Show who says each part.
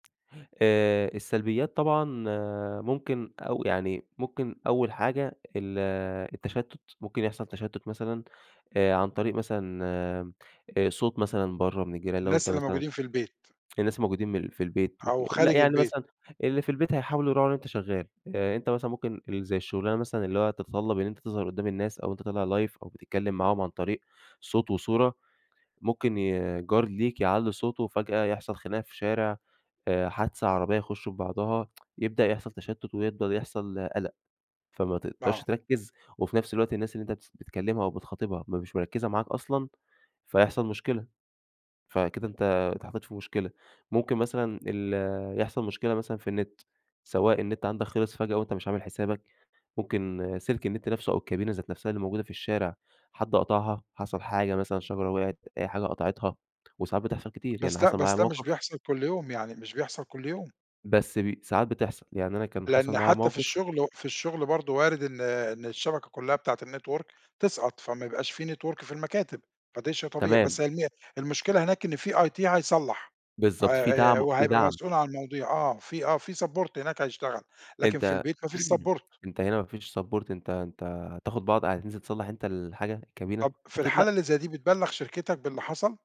Speaker 1: آآ السّلبيّات طبعًا آآ ممكن أو يعني ممكن أول حاجة ال التَّشتُّت، ممكن يحصَل تَشتُّت مثلًا، آآ عن طريق مثلًا آمم صوت مثلًا برَّا من الجيران لو
Speaker 2: الناس
Speaker 1: أنت
Speaker 2: اللي
Speaker 1: مثلًا
Speaker 2: موجودين في البيت.
Speaker 1: في ناس موجودين من في البيت ممكن
Speaker 2: أو
Speaker 1: لأ،
Speaker 2: خارج
Speaker 1: يعني
Speaker 2: البيت.
Speaker 1: مثلًا اللي في البيت هيحاولوا يراعوا إن أنت شغَّال، آآ أنت مثلًا ممكن ال زي الشُّغلانة مثلًا اللي هو تتطلب إن أنت تظهَر قُدّام الناس، أو أنت طالع Live أو بتتكلّم معاهم عن طريق صوت وصورة، ممكن ي جار ليك يعلِّي صوته، فجأة يحصَل خناقة في شارع، آآ حادثة عربيَّة يخشوا في بعضها، يبدأ يحصَل تَشتُّت ويبدأ يحصَل قلق، فما تقدَرش
Speaker 2: آه.
Speaker 1: تركِّز، وفي نفس الوقت الناس اللي أنت بتس بتكلِّمها أو بتخاطبها ما مش مركِّزة معاك أصلًا فيحصَل مشكلة. فكده أنت اتحطَّيت في مشكلة، ممكن مثلًا ال يحصَل مشكلة مثلًا في النِّت، سواء النِّت عندك خلِص فجأة، وأنت مش عامل حسابك، ممكن سِلك النِّت نَفْسُه أو الكابينة ذات نَفْسها اللي موجودة في الشارع، حد قطَعها، حصَل حاجة مثلًا شجرة وقعِت أي حاجة قطَعِتها، وساعات بتحصل كتير، يعني
Speaker 2: بس ده
Speaker 1: حصَل معايا
Speaker 2: بس ده مش
Speaker 1: موقف
Speaker 2: بيحصَل كُلّ يوم، يعني مش بيحصَل كُلّ يوم.
Speaker 1: بس بي ساعات بتحصَل، يعني أنا كان حصَل
Speaker 2: لإن
Speaker 1: معايا
Speaker 2: حتى في
Speaker 1: موقف
Speaker 2: الشُّغل و في الشُّغل برضه وارد إن إن الشَّبَكَة كُلّها بتاعة الNetwork تسقَط، فما يبقاش في Network في المكاتب، فدي شيء طبيعي.
Speaker 1: تمام.
Speaker 2: بس هي الم المشكلة هناك إن في IT هيصلّح،
Speaker 1: بالضبط في
Speaker 2: آآ آآ
Speaker 1: دعم و في
Speaker 2: وهيبقى
Speaker 1: دعم.
Speaker 2: مسؤول عن المواضيع آه، في آه، في Support هناك هيشتغل، لكن في
Speaker 1: أنت
Speaker 2: البيت ما فيش Support.
Speaker 1: أنت هنا ما فيش Support أنت أنت هتاخُد بعض هتنزِل تصلَّح أنت الحاجة، الكابينة؟
Speaker 2: طب في
Speaker 1: أكيد
Speaker 2: الحالة
Speaker 1: لأ.
Speaker 2: اللي زي دي بتبلّغ شركتك باللي حصَل؟